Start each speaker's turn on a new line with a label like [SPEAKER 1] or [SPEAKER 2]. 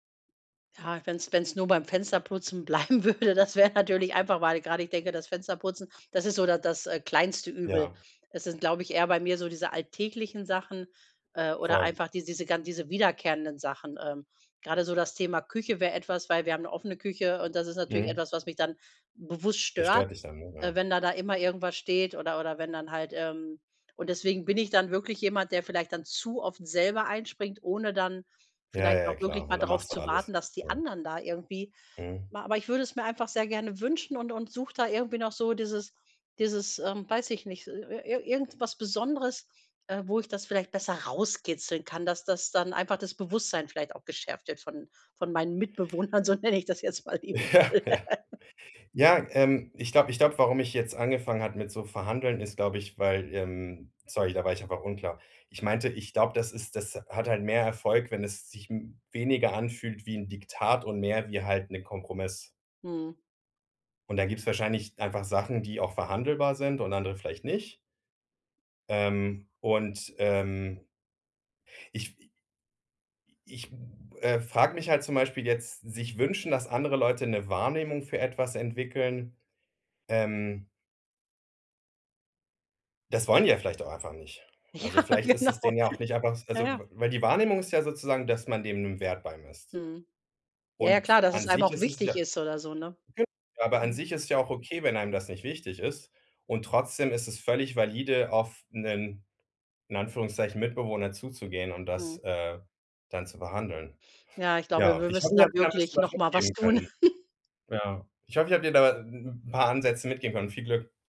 [SPEAKER 1] Ja, wenn's wenn's nur beim Fensterputzen bleiben würde, das wär natürlich einfach, weil grade ich denke, das Fensterputzen, das ist so da das, äh, kleinste Übel.
[SPEAKER 2] Ja.
[SPEAKER 1] Es sind, glaube ich, eher bei mir so diese alltäglichen Sachen, äh, oder
[SPEAKER 2] Voll.
[SPEAKER 1] einfach dies diese gan diese wiederkehrenden Sachen. Ähm. Gerade so das Thema Küche wäre etwas, weil wir haben 'ne offene Küche und das ist natürlich
[SPEAKER 2] Mhm.
[SPEAKER 1] etwas, was mich dann bewusst
[SPEAKER 2] Das
[SPEAKER 1] stört,
[SPEAKER 2] stört dich dann, ne?
[SPEAKER 1] äh,
[SPEAKER 2] Ja.
[SPEAKER 1] wenn da da immer irgendwas steht oder oder wenn dann halt, ähm und deswegen bin ich dann wirklich jemand, der vielleicht dann zu oft selber einspringt, ohne dann
[SPEAKER 2] Ja,
[SPEAKER 1] vielleicht
[SPEAKER 2] ja, ja,
[SPEAKER 1] auch wirklich
[SPEAKER 2] klar.
[SPEAKER 1] mal
[SPEAKER 2] Und dann
[SPEAKER 1] drauf
[SPEAKER 2] machst du
[SPEAKER 1] zu
[SPEAKER 2] alles.
[SPEAKER 1] warten, dass die
[SPEAKER 2] Ja.
[SPEAKER 1] anderen da irgendwie
[SPEAKER 2] Mhm.
[SPEAKER 1] ma aber ich würde es mir einfach sehr gerne wünschen und und suche da irgendwie noch so dieses dieses, ähm, weiß ich nicht, ir ir ir irgendwas Besonderes, äh, wo ich das vielleicht besser rauskitzeln kann, dass das dann einfach das Bewusstsein vielleicht auch geschärft wird von von meinen Mitbewohnern, so nenne ich das jetzt mal
[SPEAKER 2] Ja,
[SPEAKER 1] liebevoll.
[SPEAKER 2] ja. Ja, ähm. Ich glaube ich glaube, warum ich jetzt angefangen habe mit so Verhandeln, ist, glaube ich, weil ähm, sorry, da war ich einfach unklar. Ich meinte, ich glaube, das ist das hat halt mehr Erfolg, wenn es sich weniger anfühlt wie 'n Diktat und mehr wie halt 'ne Kompromiss.
[SPEAKER 1] Mhm.
[SPEAKER 2] Und da gibt's wahrscheinlich einfach Sachen, die auch verhandelbar sind und andere vielleicht nicht. Ähm. Und, ähm ich wi i ich, hm, äh, frage mich halt zum Beispiel jetzt, sich wünschen, dass andere Leute 'ne Wahrnehmung für etwas entwickeln. Ähm Das wollen die ja vielleicht auch einfach nicht.
[SPEAKER 1] Ja,
[SPEAKER 2] Also, vielleicht ist es
[SPEAKER 1] genau.
[SPEAKER 2] denen ja auch nicht einfach
[SPEAKER 1] Ja,
[SPEAKER 2] also,
[SPEAKER 1] ja.
[SPEAKER 2] w weil die Wahrnehmung ist ja sozusagen, dass man dem 'n Wert beimisst.
[SPEAKER 1] Mhm. Ja, ja,
[SPEAKER 2] Und
[SPEAKER 1] klar, dass
[SPEAKER 2] an
[SPEAKER 1] es einem
[SPEAKER 2] sich
[SPEAKER 1] auch
[SPEAKER 2] ist es
[SPEAKER 1] wichtig
[SPEAKER 2] ja
[SPEAKER 1] ist oder so, ne?
[SPEAKER 2] ge aber an
[SPEAKER 1] Hm.
[SPEAKER 2] sich ist es ja auch okay, wenn einem das nicht wichtig ist. Und trotzdem ist es völlig valide, auf 'nen in Anführungszeichen Mitbewohner zuzugehen und das,
[SPEAKER 1] Mhm.
[SPEAKER 2] äh, dann zu behandeln.
[SPEAKER 1] Ja, ich glaube,
[SPEAKER 2] Ja,
[SPEAKER 1] wir
[SPEAKER 2] und ich habe
[SPEAKER 1] müssten da
[SPEAKER 2] ja vielleicht
[SPEAKER 1] wirklich
[SPEAKER 2] was
[SPEAKER 1] noch mal was
[SPEAKER 2] mitgeben
[SPEAKER 1] tun.
[SPEAKER 2] können. Ja, ich hoffe ich habe dir da 'n 'n paar Ansätze mitgeben können. Viel Glück.